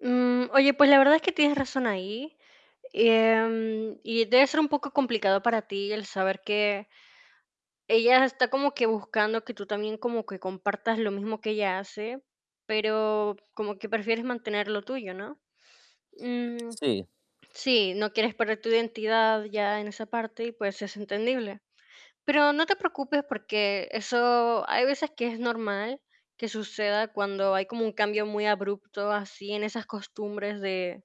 Mm, oye, pues, la verdad es que tienes razón ahí. Em, y debe ser un poco complicado para ti el saber que ella está como que buscando que tú también como que compartas lo mismo que ella hace, pero como que prefieres mantener lo tuyo, ¿no? Mm, Sí. sí, no quieres perder tu identidad, ya en esa parte y pues, es entendible. Pero no te preocupes, porque eso hay veces que es normal que suceda cuando hay como un cambio muy abrupto así en esas costumbres de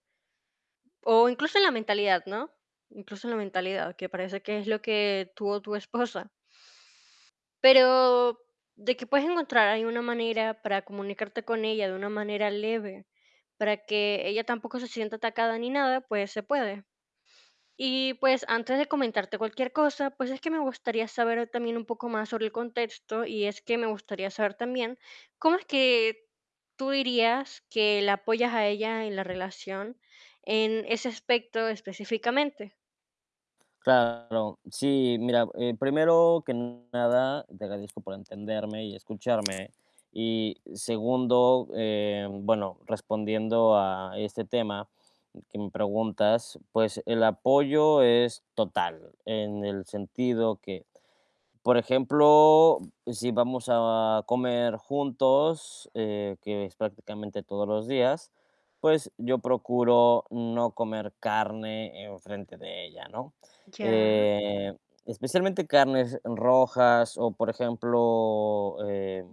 o incluso en la mentalidad, ¿no? Incluso en la mentalidad, que parece que es lo que tú o tu esposa. Pero de que puedes encontrar ahí una manera para comunicarte con ella de una manera leve, para que ella tampoco se sienta atacada ni nada, pues, se puede. Y pues, antes de comentarte cualquier cosa, pues, es que me gustaría saber también un poco más sobre el contexto, y es que me gustaría saber también, ¿cómo es que tú dirías que la apoyas a ella en la relación, en ese aspecto específicamente? Claro, sí, mira, eh, primero que nada, te agradezco por entenderme y escucharme. Y segundo, eh, bueno, respondiendo a este tema que me preguntas, pues, el apoyo es total, en el sentido que, por ejemplo, si vamos a comer juntos, eh, que es prácticamente todos los días, pues, yo procuro no comer carne enfrente de ella, ¿no? Ya. Eh, especialmente carnes rojas, o por ejemplo, eh,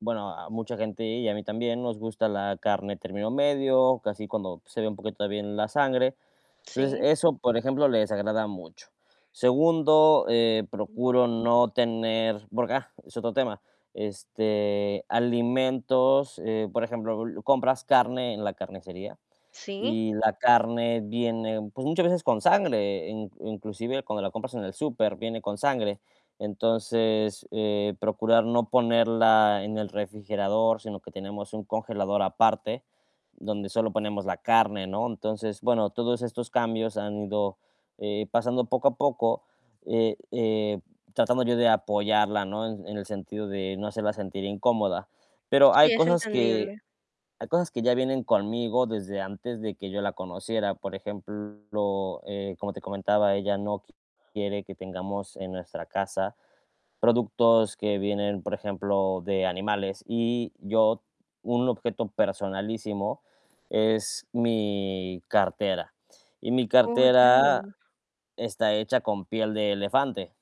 bueno, a mucha gente, y a mí también nos gusta la carne término medio, casi cuando se ve un poquito también la sangre. Entonces, Sí. eso, por ejemplo, le desagrada mucho. Segundo, eh, procuro no tener, porque, ah, es otro tema, este, alimentos, eh, por ejemplo, compras carne en la carnicería Sí. y la carne viene, pues, muchas veces con sangre, i inclusive cuando la compras en el súper, viene con sangre. Entonces, eh, procurar no ponerla en el refrigerador, sino que tenemos un congelador aparte donde solo ponemos la carne, ¿no? Entonces, bueno, todos estos cambios han ido, eh, pasando poco a poco, eh eh, tratando yo de apoyarla, ¿no? En en el sentido de no hacerla sentir incómoda. Pero hay Sí es cosas que entendible. hay cosas que ya vienen conmigo desde antes de que yo la conociera. Por ejemplo, eh, como te comentaba, ella no quiere que tengamos en nuestra casa productos que vienen, por ejemplo, de animales. Y yo un objeto personalísimo es mi cartera. Y mi Oh, cartera ya. está hecha con piel de elefante.